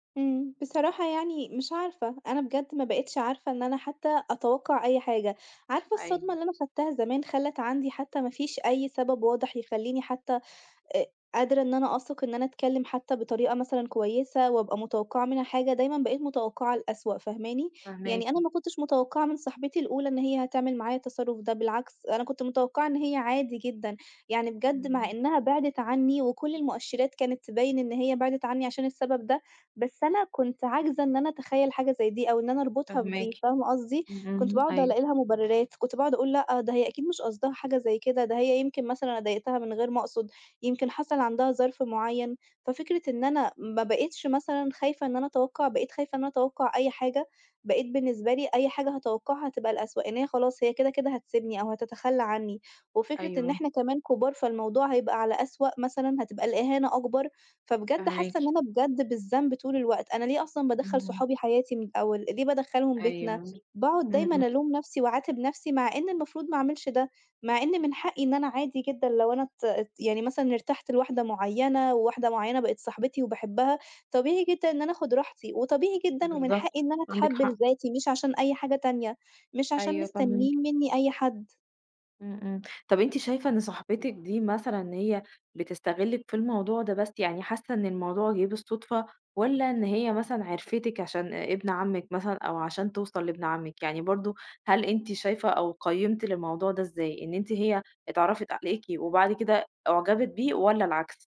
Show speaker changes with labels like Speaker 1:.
Speaker 1: إمم، بصراحة يعني مش عارفة، أنا بجد ما بقيتش عارفة إن أنا حتى أتوقع أي حاجة، عارفة الصدمة
Speaker 2: أيوه.
Speaker 1: اللي أنا خدتها زمان خلّت عندي حتى ما فيش أي سبب واضح يخلّيني حتى أ قادرة إن أنا أثق إن أنا اتكلّم حتى بطريقة مثلًا كويسة، وابقى متوقعة منها حاجة، دايمّا بقيت متوقعة الأسوأ فاهماني؟ يعني
Speaker 2: فاهماكِ.
Speaker 1: أنا ما كنتش متوقعة من صاحبتي الأولى إن هي هتعمل معايا التصرّف ده، بالعكس أنا كنت متوقعة إن هي عادي جدًا، يعني بجد مع
Speaker 2: امم.
Speaker 1: إنّها بعدت عنّي وكل المؤشرات كانت تبين إن هي بعدت عنّي عشان السبب ده، بس أنا كنت عاجزة إن أنا اتخيّل حاجة زي دي، أو إن أنا اربطها
Speaker 2: فاهماكِ،
Speaker 1: بدي فاهمة قصدي؟
Speaker 2: إمم،
Speaker 1: كنت
Speaker 2: إمم،
Speaker 1: باقعُد
Speaker 2: أيوه.
Speaker 1: الاقي لها مبررات، كنت باقعُد اقول لأ ده هي أكيد مش قصدها حاجة زي كده، ده هي يمكن مثلًا أنا ضايقتها من غير ما اقصد، يمكن حصل عندها ظرف معيّن، ففكرة إن أنا ما بقيتش مثلًا خايفة إن أنا اتوقع بقيت خايفة إن أنا اتوقع أي حاجة، بقيت بالنسبة لي أي حاجة هاتوقعها هتبقى الأسوء، إن هي خلاص هي كده كده هتسبني أو هتتخلّى عنّي، وفكرة إن
Speaker 2: أيوه.
Speaker 1: احنا كمان كُبار فالموضوع هيبقى على أسوأ مثلًا هتبقى الإهانة أكبر، فبجد حاسة إن
Speaker 2: فاهماكِ.
Speaker 1: أنا بجد بالذنب طول الوقت، أنا ليه أصلًا بادخّل
Speaker 2: إمم.
Speaker 1: صحابي حياتي من الأول ليه بادخلهم
Speaker 2: أيوه،
Speaker 1: بيتنا،
Speaker 2: إمم،
Speaker 1: باقعُد دايمًا
Speaker 2: إمم.
Speaker 1: الوم نفسي واعاتب نفسي مع إن المفروض ما اعملش ده، مع إن من حقي إن أنا عادي جدًا لو أنا ات ات يعني مثلًا ارتحت لواحدة معيّنة، وواحدة معيّنة بقت صاحبتي وباحبها، طبيعي جدًا إن أنا اخد راحتي وطبيعي جدًا ومن حقي
Speaker 2: بالضبط،
Speaker 1: إن أنا
Speaker 2: عندِك
Speaker 1: اتحب
Speaker 2: حق.
Speaker 1: لذاتي مش عشان أي حاجة تانية، مش عشان
Speaker 2: أيوه فاهماكِ.
Speaker 1: مستنين منّي أي حد.
Speaker 2: إمم، إمم، طب أنتِ شايفة إن صاحبتِك دي مثلًا هي بتستغلِك في الموضوع ده بس يعني حاسة إن الموضوع جِه بالصدفة، والّا إن هي مثلًا عرفتِك عشان آآ، إبن عمِك مثلًا أو عشان توصل لإبن عمِك يعني برضه هل أنتِ شايفة أو قيمتِ للموضوع ده ازاي إن أنتِ هي اتعرّفت عليكِ وبعد كده اُعجبت بيه والّا العكس؟